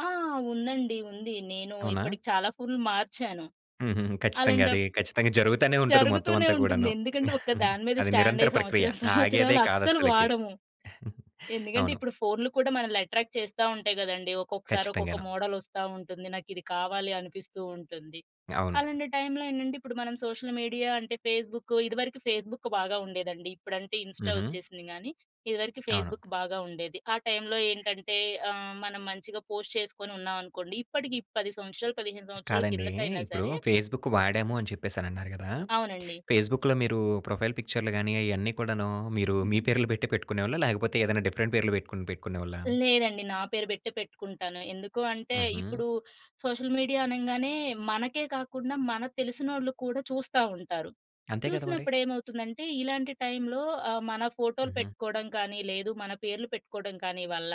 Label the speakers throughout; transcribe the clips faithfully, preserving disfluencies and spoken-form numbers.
Speaker 1: ఆ! ఉందండి. ఉంది. నేను
Speaker 2: అవునా?
Speaker 1: ఇప్పటికి చాలా ఫోనులు మార్చాను.
Speaker 2: హుహుహు. ఖచ్చితంగా
Speaker 1: అలాంటప్
Speaker 2: అది. ఖచ్చితంగా జరుగుతానే ఉంటది. మొత్తం
Speaker 1: జరుగుతూనే
Speaker 2: అంతా
Speaker 1: ఉంటుంది.
Speaker 2: కూడాను.
Speaker 1: ఎందుకంటే, ఒకదాని మీద
Speaker 2: అది
Speaker 1: స్టాండ్
Speaker 2: నిరంతర
Speaker 1: అయ్యి
Speaker 2: ప్రక్రియ.
Speaker 1: సంవత్సరం
Speaker 2: ఆగేదే
Speaker 1: సంవత్సరాలు
Speaker 2: కాదు
Speaker 1: అస్సలు
Speaker 2: అస్సలకి.
Speaker 1: వాడము. ఎందుకంటే,
Speaker 2: అవును.
Speaker 1: ఇప్పుడు ఫోనులు కూడా మనల‌ని అట్రాక్ట్ చేస్తవుంటాయి కదండీ. ఒక్కొక్కసారి ఒక్కొక్క
Speaker 2: కచ్చితంగాను.
Speaker 1: మోడలొస్తావుంటుంది. నాకు ఇది కావాలి అనిపిస్తూవుంటుంది.
Speaker 2: అవును.
Speaker 1: అలాంటి టైమ్‌లో ఏంటంటే, ఇప్పుడు మనం సోషల్ మీడియా అంటే ఫేస్‌బుక్కు, ఇదివరకు ఫేస్‌బుక్ బాగా ఉండేదండి. ఇప్పుడంటే ఇన్స్టా
Speaker 2: హుహు.
Speaker 1: వచ్చేసింది గానీ ఇదివరకు
Speaker 2: అవును.
Speaker 1: ఫేస్‌బుక్ బాగా ఉండేది. ఆ టైమ్‌లో ఏంటంటే ఆహ్, మనం మంచిగా పోస్ట్ చేసుకొని ఉన్నామనుకోండి ఇప్పటికి పది సంవత్సరాలు, పదిహేను సంవత్సరాల
Speaker 2: కాదండి.
Speaker 1: కిందట అయినా
Speaker 2: ఇప్పుడు
Speaker 1: సరే
Speaker 2: ఫేస్‌బుక్ వాడాము అని చెప్పేసనన్నారు గదా!
Speaker 1: అవునండి.
Speaker 2: ఫేస్‌బుక్‌లో మీరు ప్రొఫైల్ పిక్చర్‌లుగాని ఐయన్నీ కూడాను, మీరు మీ
Speaker 1: హుహు.
Speaker 2: పేర్లు పెట్టే పెట్టుకునేవాళ్లా? లేకపోతే ఏదైనా డిఫరెంట్ పేర్లు పెట్టుకొని పెట్టుకునేవాళ్లా?
Speaker 1: లేదండి నా పేరు పెట్టే పెట్టుకుంటాను. ఎందుకు అంటే,
Speaker 2: హుహు.
Speaker 1: ఇప్పుడు సోషల్ మీడియా అనంగానే మనకే కాకుండా మనకు తెలిసినోళ్ళు కూడా చూస్తా ఉంటారు.
Speaker 2: అంతే కదా మరి!
Speaker 1: చూసినప్పుడు ఏమవుతుందంటే, ఇలాంటి టైమ్‌లో ఆహ్, మన ఫోటోలు
Speaker 2: హుహు.
Speaker 1: పెట్టుకోవడం కానీ, లేదు మన పేర్లు పెట్టుకోవడం కానీ వల్ల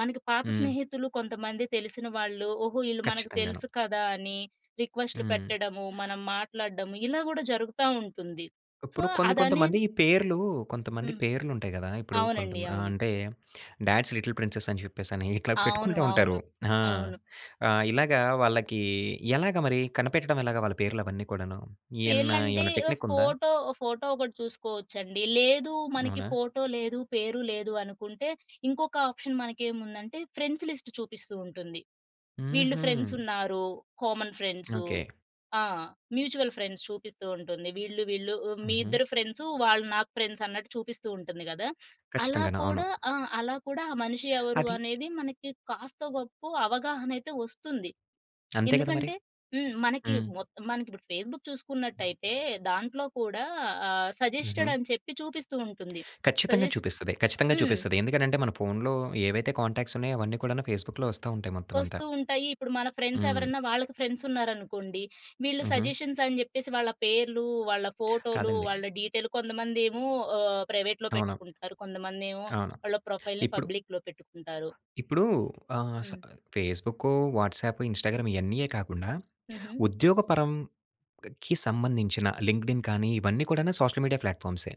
Speaker 1: మనకి పాత
Speaker 2: హ్మ్.
Speaker 1: స్నేహితులు కొంతమంది తెలిసిన వాళ్ళు, ఓహో! వీళ్ళు మనకు
Speaker 2: ఖచ్చితంగాను.
Speaker 1: తెలుసు కదా! అని రిక్వెస్ట్‌లు
Speaker 2: హ్మ్.
Speaker 1: పెట్టడము, మనం మాట్లాడడము ఇలా కూడా జరుగుతవుంటుంది. సో,
Speaker 2: ఇప్పుడు కొంది
Speaker 1: అదనే
Speaker 2: కొంతమంది పేర్లు కొంతమంది
Speaker 1: హ్మ్.
Speaker 2: పేర్లు ఉంటాయి గదా. ఇప్పుడు కొంత
Speaker 1: అవునండి.
Speaker 2: ఆహ్,
Speaker 1: అవును.
Speaker 2: అంటే డాడ్స్ లిటిల్ ప్రిన్సెస్ అని చెప్పేసి ఇట్లా
Speaker 1: అవును.
Speaker 2: పెట్టుకుంటా
Speaker 1: అవును.
Speaker 2: ఉంటారు. ఆ!
Speaker 1: అవును.
Speaker 2: ఆహ్, ఇలాగ వాళ్ళకి ఎలాగా మరి కనిపెట్టడం ఎలాగా వాళ్ళ పేర్లు అవన్నీ కూడాను.
Speaker 1: పేర్లలంటే
Speaker 2: ఏమైనా
Speaker 1: ఆహ్,
Speaker 2: టెక్‌నిక్ ఉందా?
Speaker 1: ఫోటో ఫోటో ఒకటి చూసుకోవచ్చు అండి. లేదు మనకి
Speaker 2: అవునా?
Speaker 1: ఫోటో లేదు, పేరు లేదు అనుకుంటే, ఇంకొక ఆప్షన్ మనకేముందంటే ఫ్రెండ్స్ లిస్ట్ చూపిస్తూ ఉంటుంది. వీళ్ళు ఫ్రెండ్స్
Speaker 2: హుహు.
Speaker 1: ఉన్నారు. Common friends.
Speaker 2: ఓకే.
Speaker 1: ఆ! మ్యూచువల్ ఫ్రెండ్స్ చూపిస్తూ ఉంటుంది. వీళ్ళు, వీళ్ళు ఉ మీ
Speaker 2: హుహు.
Speaker 1: ఇద్దరు ఫ్రెండ్సు. వాళ్ళు నాకు ఫ్రెండ్స్ అన్నట్టు చూపిస్తూవుంటుంది గదా! అలా
Speaker 2: ఖచ్చితంగాను. అవును.
Speaker 1: కూడా ఆ! అలా కూడా ఆ మనిషి ఎవరు
Speaker 2: అది
Speaker 1: అనేది మనకి కాస్తొ గొప్పో అవగాహన అయితే వస్తుంది.
Speaker 2: అంతే కదా మరి!
Speaker 1: ఎందుకంటే హ్మ్. మనకి
Speaker 2: హ్మ్.
Speaker 1: మొత్తం మనకిపుడు ఫేస్‌బుక్ చూసుకున్నట్టయితే దాంట్లో కూడా ఆహ్, సజెస్టెడ్
Speaker 2: హుహు.
Speaker 1: అని చెప్పి చూపిస్తూవుంటుంది.
Speaker 2: కచ్చితంగా
Speaker 1: సజెస్ట్
Speaker 2: చూపిస్తది. ఖచ్చితంగా
Speaker 1: హ్మ్.
Speaker 2: చూపిస్తది. ఎందుకనంటే మన ఫోన్‌లో ఏవైతే కాంటాక్ట్స్ ఉన్నాయో అవన్నీ కూడాను ఫేస్‌బుక్‌లో వస్తా ఉంటాయి మొత్తం అంతా.
Speaker 1: వస్తూవుంటాయి. ఇప్పుడు మన ఫ్రెండ్స్
Speaker 2: హ్మ్.
Speaker 1: ఎవరైనా వాళ్ళకి ఫ్రెండ్స్ ఉన్నారనుకోండి, వీళ్ళు
Speaker 2: హుహు.
Speaker 1: సజెషన్స్ అని చెప్పేసి వాళ్ళ పేర్లు, వాళ్ళ ఫోటోలు,
Speaker 2: కాదండి.
Speaker 1: వాళ్ళ డీటెయిల్, కొంతమందేమో ఆహ్, ప్రైవేట్‌లో
Speaker 2: అవును.
Speaker 1: పెట్టుకుంటారు. కొంతమంది ఏమో
Speaker 2: అవును.
Speaker 1: వాళ్ళ ప్రొఫైల్‌ని
Speaker 2: ఇప్పుడు
Speaker 1: పబ్లిక్‌లో పెట్టుకుంటారు.
Speaker 2: ఇప్పుడు ఆహ్, స
Speaker 1: హ్మ్.
Speaker 2: ఫేస్‌బుక్కు, వాట్సాప్, ఇన్స్టాగ్రామ్ ఇయన్నీయే కాకుండా,
Speaker 1: హుహు.
Speaker 2: ఉద్యోగ పరంకి సంబంధించిన లింక్డ్ఇన్ కానీ ఇవన్నీ కూడా సోషల్ మీడియా ప్లాట్‌ఫార్మ్సే.